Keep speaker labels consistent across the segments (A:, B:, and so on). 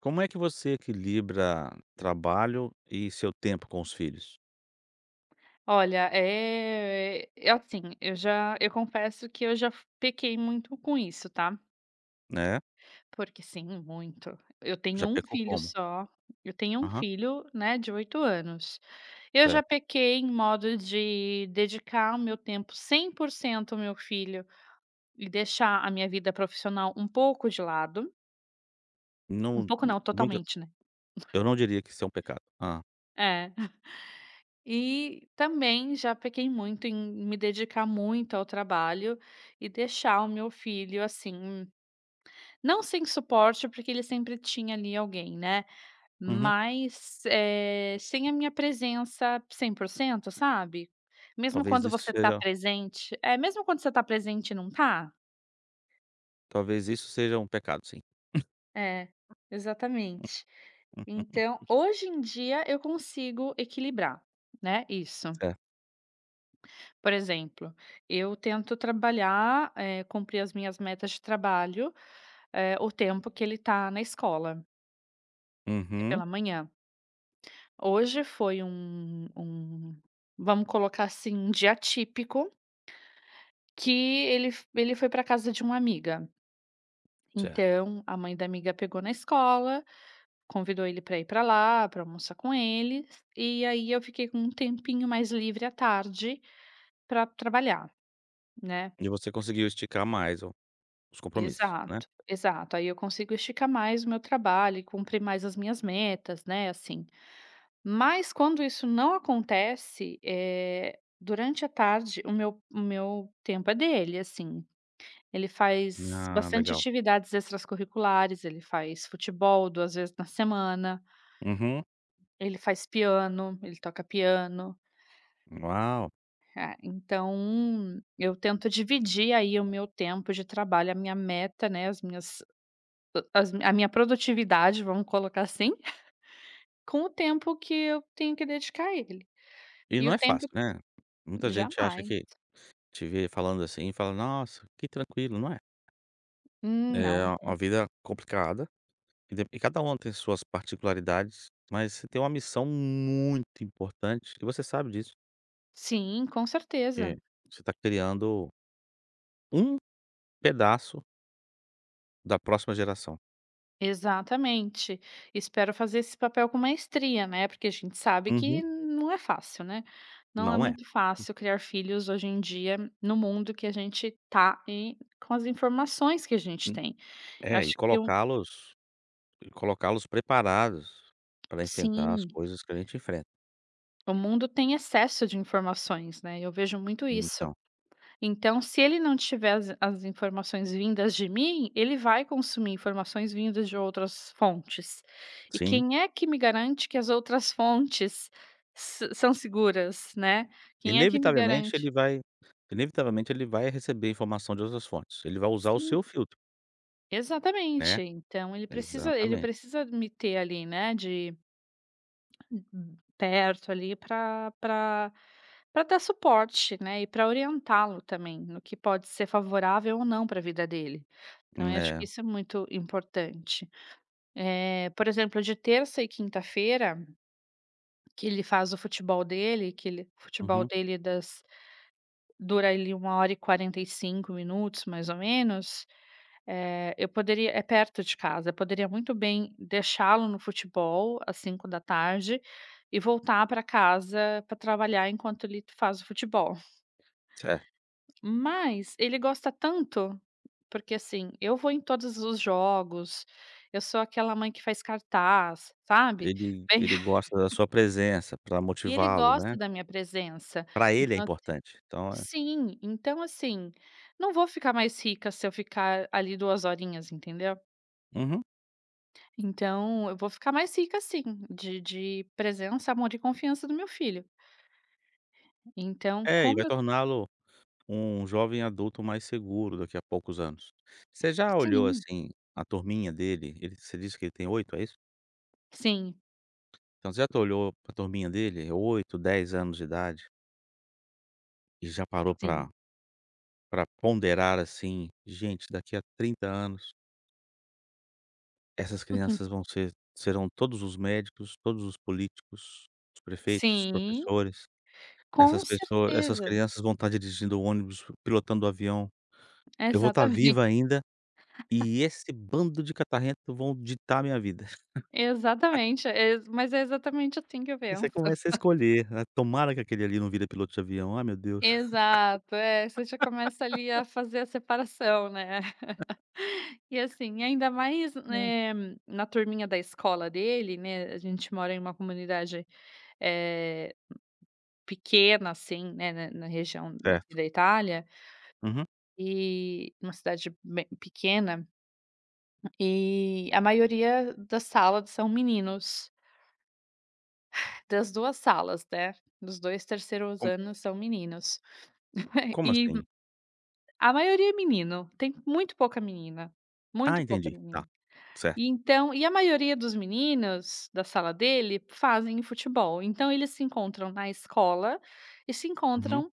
A: Como é que você equilibra trabalho e seu tempo com os filhos?
B: Olha, é assim, eu já eu confesso que eu já pequei muito com isso, tá?
A: É?
B: Porque sim, muito. Eu tenho
A: Já
B: um
A: pecou
B: filho
A: como?
B: só, eu tenho um
A: Aham.
B: filho só, né, de 8 anos. Eu já
A: Certo.
B: pequei em modo de dedicar o meu tempo 100% ao meu filho, e deixar a minha vida profissional um pouco de lado um
A: Não,
B: pouco
A: n
B: não,
A: Muita
B: totalmente, né.
A: Eu não diria que isso é um pecado. Hã?
B: É. E, também já pequei muito em me dedicar muito ao trabalho, e deixar o meu filho, assim, não sem suporte, porque ele sempre tinha, ali, alguém, né,
A: Uhum.
B: mas, eh, sem a minha presença 100%, sabe, mesmo
A: Talvez
B: quando
A: isso
B: você tá
A: seja
B: presente. É, mesmo quando você está presente e não tá?
A: Talvez isso seja um pecado, sim.
B: É, exatamente. Então, hoje em dia, eu consigo equilibrar, né, isso.
A: Certo.
B: Por exemplo, eu tento trabalhar, eh, cumprir as minhas metas de trabalho, eh, o tempo que ele está na escola. É
A: Uhum.
B: pela manhã. Hoje foi um um vamos colocar, assim, um dia atípico que ele f ele foi para casa de uma amiga.
A: Certo.
B: Então a mãe da amiga pegou na escola, convidou ele para ir para lá, para almoçar com eles, e aí eu fiquei com um tempinho mais livre à tarde, para trabalhar, né.
A: Hoje você conseguiu esticar mais o os compromissos, né.
B: Exato, exato. Aí eu consigo esticar mais o meu trabalho e cumprir mais as minhas metas, né, assim. Mas quando isso não acontece, eh, durante a tarde, o meu o meu tempo é dele, assim. Ele faz
A: Ah,
B: bastante
A: legal.
B: atividades extras curriculares, ele faz futebol 2 vezes na semana
A: Uhum.
B: ele faz piano, ele toca piano.
A: Uau!
B: É, então eu tento dividir aí o meu tempo de trabalho, a minha meta, né, as minhas a as a minha produtividade vamos colocar, assim, com o tempo que eu tenho que dedicar à ele.
A: E
B: E
A: não
B: o
A: é
B: tempo
A: fácil, né, muita gente acha
B: Jamais.
A: que te vê falando, assim, e fala: "Nossa, que tranquilo, não é?" É
B: Não.
A: uma vida complicada, e dep e cada um tem suas particularidades, mas você tem uma missão muito importante e você sabe disso.
B: Sim, com certeza.
A: Porque você está criando um pedaço Da próxima geração.
B: Exatamente, espero fazer esse papel com maestria, né, porque a gente sabe que
A: Uhum.
B: não é fácil, né. Não é
A: Não é.
B: muito
A: Hum.
B: fácil criar filhos hoje em dia no mundo que a gente tá, eh, com as informações que a gente
A: Hum.
B: tem. Eu
A: É, e
B: acho que um
A: colocá-los, e colocá-los preparados pra enfrentar as
B: Sim.
A: coisas que a gente enfrenta.
B: O mundo tem excesso de informações, né, eu vejo muito isso.
A: Então.
B: Então, se ele não tiver as in as informações vindas de mim, ele vai consumir informações vindas de outras fontes. E
A: Sim.
B: quem é que me garante que as outras fontes, sã são seguras, né? Quem é que me
A: Inevitavelmente
B: garante?
A: ele vai inevitavelmente ele vai receber informação de outras fontes, ele vai usar o
B: Sim.
A: seu filtro né.
B: Exatamente! Então, ele precisa ele
A: Exatamente.
B: precisa me ter, ali, né, de [unintelligible] Perto, ali, pra pra pra dar suporte, né, e pra orientá-lo também no que pode ser favorável ou não pra vida dele. Então,
A: Hum,
B: acho que
A: é.
B: isso é muito importante. Eh, por exemplo de terça e quinta-feira, que ele faz o futebol dele, que ele o futebol
A: Uhum.
B: dele das dura, ali, 1 hora e 45 minutos mais ou menos, eh, eu poderia é perto de casa, eu poderia muito bem deixá-lo no futebol às 17h, e voltar pra casa pra trabalhar enquanto ele faz o futebol.
A: Certo.
B: Mas, ele gosta tanto porque, assim, eu vou em todos os jogos, eu sou aquela mãe que faz cartaz, sabe?
A: Ele
B: Bem
A: ele gosta da sua presença pra
B: e ele
A: motivá-lo,
B: gosta
A: né?
B: da minha presença,
A: Pra ele é
B: então, assim
A: importante, então, é
B: Sim, então, assim, não vou ficar mais rica se eu ficar, ali, 2 horinhas, entendeu?
A: Uhum.
B: Então, eu vou ficar mais rica sim, de de presença, amor e confiança do meu filho. Então,
A: É e
B: como
A: vai
B: eu.
A: torná-lo um jovem adulto mais seguro daqui a poucos anos. Você já olhou
B: Sim.
A: assim, a turminha dele, ele você disse que ele tem 8, é isso?
B: Sim.
A: Então você já te olhou para turminha dele, é 8, 10 anos de idade. E já parou pra
B: Sim.
A: pra ponderar assim, gente daqui a 30 anos. Essas crianças
B: Uhum.
A: vão ser, serão todos os médicos, todos os políticos, os prefeitos, os
B: Sim.
A: professores, essas
B: Com
A: pess essas
B: certeza.
A: crianças vão estar dirigindo o ônibus, pilotando o avião, eu vou estar
B: Exatamente.
A: viva ainda, e esse bando de catarrento vão ditar a minha vida.
B: Exatamente, ex mas é exatamente assim que eu
A: E você
B: penso.
A: começa a escolher, tomara que aquele ali não vire piloto de avião, ai meu Deus.
B: Exato, é você já começa ali a fazer a separação, né, e assim, ainda mais,
A: Hum.
B: eh, na turminha da escola dele, né, a gente mora em uma comunidade, eh, pequena assim, né, na na região aqui
A: Certo.
B: da Itália,
A: Uhum.
B: e uma cidade bem pequena, e a maioria das salas são meninos. Das 2 salas, né, dos 2 3º
A: Como.
B: anos são meninos,
A: Como
B: e
A: assim?
B: a maioria é menino, tem muito pouca menina,
A: Ah
B: muito pouca
A: entendi, ta,
B: menina
A: certo.
B: e então e a maioria dos meninos, da sala dele, fazem futebol, então eles se encontram na escola e se
A: Uhum.
B: encontram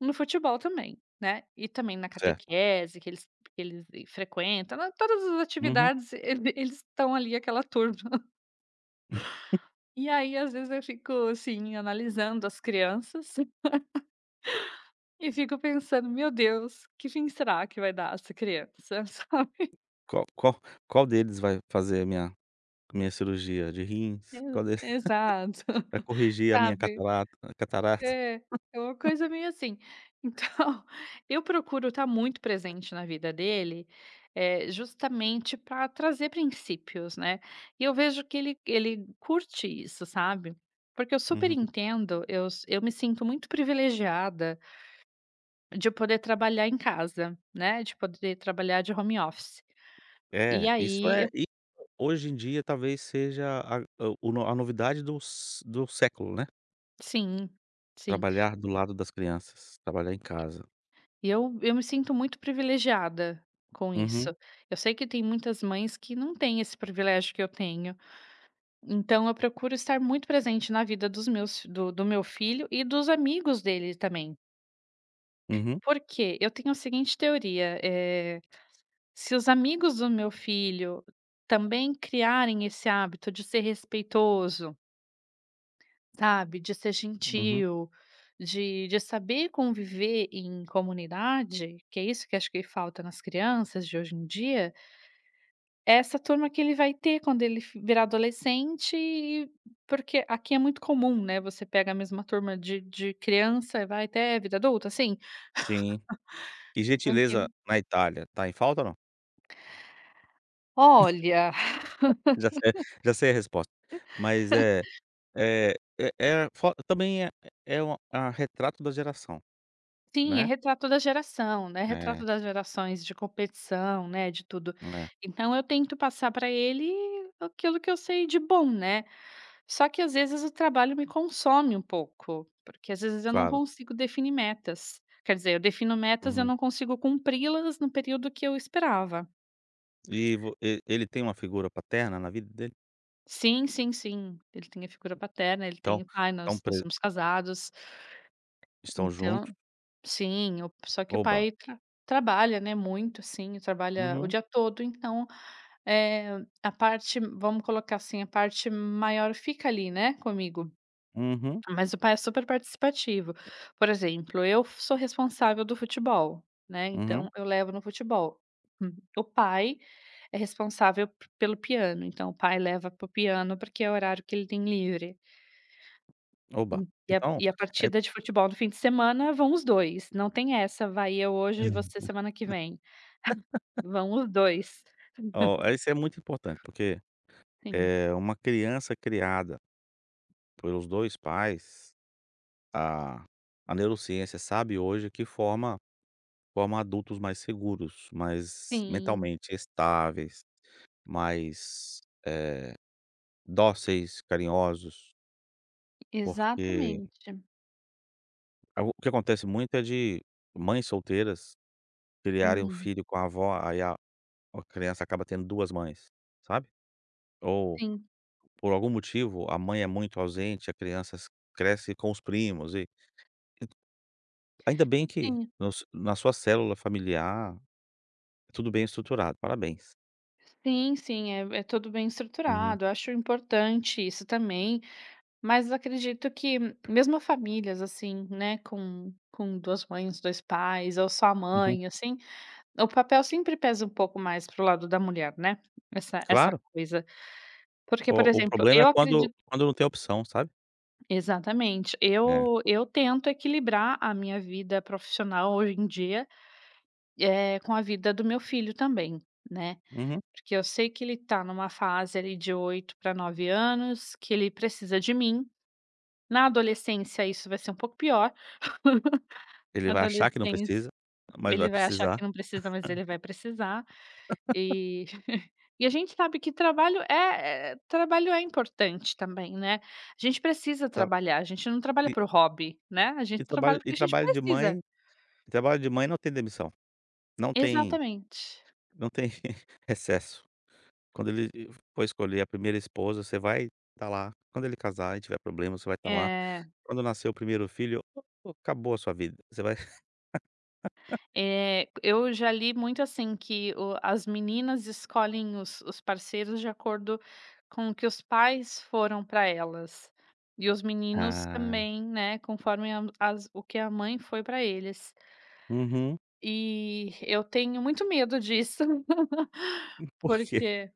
B: no futebol também, né, e também na
A: Certo.
B: catequese que eles que eles frequentam na todas as
A: Uhum.
B: atividades ele vi eles estão ali aquela turma. E aí às vezes eu fico assim analisando as crianças, e fico pensando: "Meu Deus que fim será que vai dar essa criança", sabe.
A: Qual qual qual deles vai fazer a minha a minha cirurgia de rins?
B: E
A: Qual del
B: exato,
A: vai corrigir a minha, a
B: sabe,
A: catarata?
B: é, é uma coisa bem assim, então, eu procuro estar muito presente na vida dele, justamente para trazer princípios, né, e eu vejo que ele ele curte isso, sabe, porque eu super
A: Uhum.
B: entendo, eu si eu me sinto muito privilegiada de poder trabalhar em casa, né, de poder trabalhar de home office, e
A: É, isso
B: aí, eu
A: é e hoje em dia talvez seja a o o a novidade dos do século, né.
B: Sim, sim.
A: Trabalhar do lado das crianças, trabalhar em casa.
B: Eu eu me sinto muito privilegiada, com
A: Uhum.
B: isso. Eu sei que tem muitas mães que não têm esse privilégio que eu tenho. Então, eu procuro estar muito presente na vida dos meus do do meu filho e dos amigos dele também.
A: Uhum.
B: Por quê? Eu tenho a seguinte teoria, eh: "Se os amigos do meu filho também criarem esse hábito de ser respeitoso" sabe? "De ser
A: Uhum.
B: gentil, de de saber conviver em comunidade, que é isso que acho que falta nas crianças de hoje em dia" essa turma que ele vai ter quando ele fo virar adolescente, eh porque aqui é muito comum, né, você pega a mesma turma de de criança, e vai até vida adulta, assim,
A: Sim. E gentileza
B: [unintelligible]
A: na Itália, tá em falta ou não?
B: Olha
A: Já sei, já sei a resposta, mas, eh eh eh. a fo também é é uma a retrato da geração,
B: Sim, é
A: né?
B: retrato da geração, né, retrato
A: É.
B: das gerações de competição, né, de tudo.
A: É.
B: Então, eu tento passar pra ele aquilo que eu sei de bom, né. Só que às vezes o trabalho me consome um pouco, porque às vezes eu não
A: Claro.
B: consigo definir metas. Quer dizer eu defino metas eu
A: Uhum.
B: não consigo cumpri-las no período que eu esperava.
A: E vo e e ele tem uma figura paterna na vida dele?
B: Sim, sim, sim, ele tem a figura paterna, ele
A: Então,
B: tem pai
A: é um
B: nós nós
A: pre
B: somos casado,
A: Estão
B: então,
A: junto.
B: sim, o só que o
A: Oba.
B: pai trabalha, né, muito assim e trabalha o
A: Uhum.
B: dia todo, então, eh, a parte vamos colocar assim, a parte maior fica ali, né, comigo,
A: Uhum.
B: mas o pai é superparticipativo. Por exemplo, eu sou responsável do futebol, né,
A: Uhum.
B: então eu levo no futebol, o pai é responsável pelo piano, então o pai leva para o piano, porque é o horário que ele tem livre.
A: Oba,
B: E a
A: então
B: e a
A: é.
B: partida de futebol do fim de semana vão os 2, não tem essa, vai eu hoje e você semana que vem, vão os 2.
A: Ó, isso é muito importante porque,
B: Sim.
A: eh, uma criança criada, pelos 2 pais a a neurociência, sabe, hoje que forma forma adultos mais seguros, mais
B: Sim.
A: mentalmente estáveis, mais, eh, dóceis, carinhosos porque
B: Exatamente.
A: A o o que acontece muito é de mães solteiras criarem o
B: Uhum.
A: filho com a avó, aí a a criança acaba tendo 2 mães, sabe, ou,
B: Sim.
A: por algum motivo a mãe é muito ausente, a crianças cresce com os primos e e Ainda bem que
B: Sim.
A: nos na sua célula familiar, é tudo bem estruturado, parabéns.
B: Sim, sim. É, é tudo bem
A: Uhum.
B: estruturado. Eu acho importante isso também, mas acredito que mesmo a famílias, assim, né, com com 2 mães, 2 pais, ou só a
A: Uhum.
B: mãe, assim, o papel sempre pesa um pouco mais para o lado da mulher, né, essa essa
A: Claro.
B: coisa. Porque, por
A: O o
B: exemplo,
A: problema é
B: eu acredi
A: quando quando não tem opção, sabe.
B: Exatamente.
A: É.
B: Eu eu tento equilibrar a minha vida profissional hoje em dia, eh, com a vida do meu filho também, né,
A: Uhum.
B: porque eu sei que ele está em uma fase ali de 8 para 9 anos, que ele precisa de mim. Na adolescência, isso vai ser um pouco pior,
A: Ele
B: na
A: vai achar que não
B: adolescência,
A: precisa, mas
B: ele
A: vai
B: vai achar
A: precisar.
B: que não precisa, mas ele vai precisar, e e a gente sabe que trabalho é é é trabalho é importante também, né. A gente precisa
A: Ta
B: trabalhar, a gente não trabalha
A: E
B: por hobby, né, a gente
A: E
B: trabalha
A: trabalho e
B: porque a gente
A: trabalho de
B: precisa.
A: mãe e trabalho de mãe não tem demissão. Não tem
B: Exatamente.
A: não tem recesso. Quando ele e for escolher a 1º esposa você vai estar lá, quando ele casar e tiver problema você vai estar lá,
B: É.
A: quando nascer o 1º filho o o acabou a sua vida, você vai
B: É, eu já li muito, assim, que o as meninas escolhem os os parceiros de acordo com o que os pais foram para elas e os meninos
A: Ah.
B: também, né, conforme a as o que a mãe foi para eles
A: Uhum.
B: e eu tenho muito medo disso,
A: E por quê?
B: porque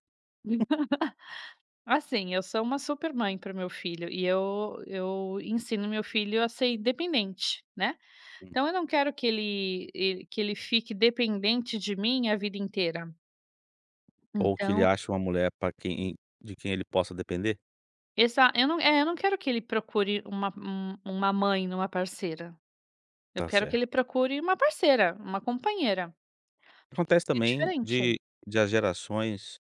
B: Assim, eu sou uma super mãe para o meu filho e eu eu ensino meu filho a ser independente, né,
A: Hum.
B: então eu não quero que ele el que ele fique dependente de mim a vida inteira.
A: Ou que ele
B: Então
A: ache uma mulher para quem de quem ele possa depender?
B: Exa eu não eh, eu não quero que ele procure uma uma uma mãe em uma parceira. Eu
A: Tá
B: quero que ele
A: certo.
B: procure uma parceira, uma companheira,
A: Acontece
B: porque é
A: também
B: diferente.
A: de de as gerações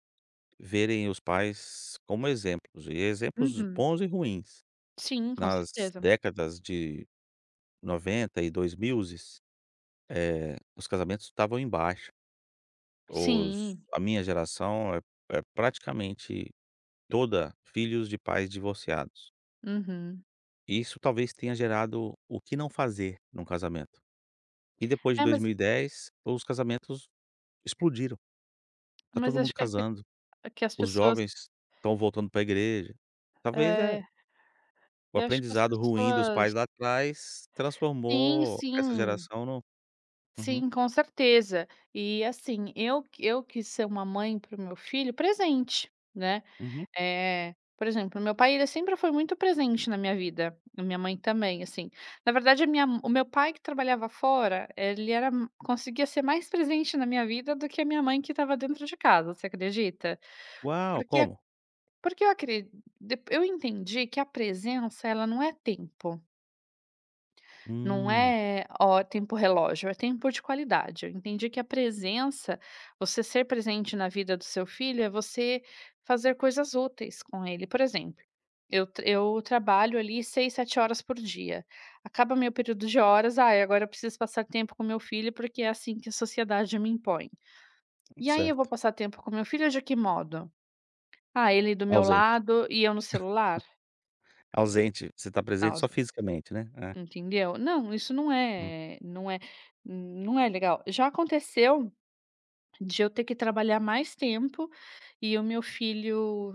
A: verem os pais como exemplos e exemplos
B: Uhum.
A: bons e ruins.
B: Sim, com
A: Nas
B: certeza.
A: décadas de 90 e dois mil, eh, os casamentos estavam em baixa. Os
B: Sim.
A: a minha geração é é praticamente toda filhos de pais divorciados.
B: Uhum.
A: E isso talvez tenha gerado o que não fazer em um casamento. E depois de
B: É,
A: dois
B: mas
A: mil e dez, os casamentos explodiram. Está
B: Mas
A: todo
B: acho
A: mundo
B: que é que
A: casando,
B: é que as
A: os
B: pessoas
A: jovens estão voltando para igreja. Talvez é
B: É.
A: o
B: Eu acho que as
A: aprendizado ruim dos pais
B: pessoas
A: lá atrás
B: Sim,
A: transformou essa
B: sim.
A: geração no Uhum.
B: Sim, com certeza. E, assim, eu q eu quis ser uma mãe para o meu filho presente, né.
A: Uhum.
B: Eh, por exemplo, meu pai ele sempre foi muito presente na minha vida, a minha mãe também, assim. Na verdade, a minha m o meu pai que trabalhava fora, ele era conseguia ser mais presente na minha vida do que a minha mãe que estava dentro de casa, você acredita?
A: Uau!
B: Porque a
A: Como?
B: porque eu acredi dep eu entendi que a presença ela não é tempo. Não
A: Hum.
B: é, ó. tempo relógio, é tempo de qualidade. Eu entendi que a presença, você ser presente na vida do seu filho, é você fazer coisas úteis com ele, por exemplo, eu eu trabalho ali 6, 7 horas por dia, acaba meu período de horas: "Ai, agora eu preciso passar tempo com meu filho, porque é assim que a sociedade me impõe.", e aí eu vou
A: Certo.
B: passar tempo com meu filho de que modo? Ah, ele do meu
A: Ausente.
B: lado e eu no celular.
A: Ausente. Você está
B: Ah,
A: presente
B: os
A: só
B: dois.
A: fisicamente, né, é.
B: Entendeu. Não, isso não
A: Hum.
B: é não é não é legal. Já aconteceu de eu ter que trabalhar mais tempo, e o meu filho,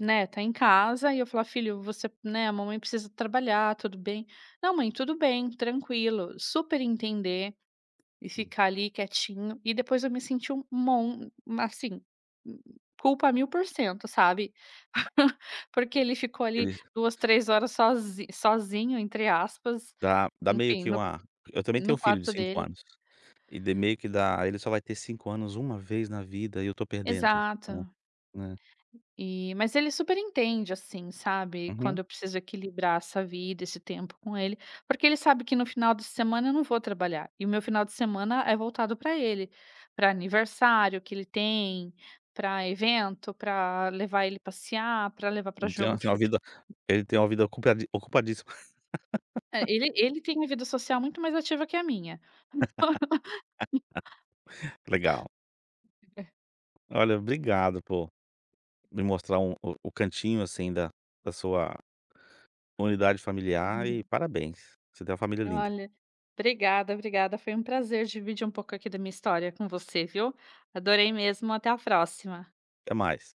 B: né, está em casa e eu falar: "Filho, você né, a mamãe precisa trabalhar, tudo bem?". "Não mãe, tudo bem. Tranquilo." super entender e
A: Hum.
B: ficar ali quietinho e depois eu me senti um mon assim, culpa a mil por cento, sabe, porque ele ficou ali
A: Eles.
B: 2, 3 horas sozi sozinho entre aspas,
A: Dá dá meio
B: enfim
A: que
B: no
A: uma eu também tenho
B: no
A: filho de
B: quarto
A: 5
B: dele.
A: anos e de meio que dá ele só vai ter 5 anos uma vez na vida e eu estou perdendo is então,
B: Exato.
A: né.
B: E, mas ele super entende, assim, sabe,
A: Uhum.
B: quando eu preciso equilibrar essa vida, esse tempo com ele, porque ele sabe que no final de semana eu não vou trabalhar, e o meu final de semana é voltado para ele, para aniversário que ele tem, para evento, para levar ele passear, para levar para
A: Ele
B: jogo
A: tem
B: de
A: tem uma
B: fute
A: vida ele tem uma vida ocupa ocupadíssimo.
B: É, ele ele tem uma vida social muito mais ativa que a minha.
A: Legal.
B: [unintelligible]
A: Olha obrigado po me mostrar o o o cantinho assim da da sua unidade familiar e
B: Uhum.
A: parabéns, você tem uma família linda.
B: Olha, obrigada, obrigada. Foi um prazer dividir um pouco aqui da minha história com você, viu, adorei mesmo até a próxima.
A: Até mais.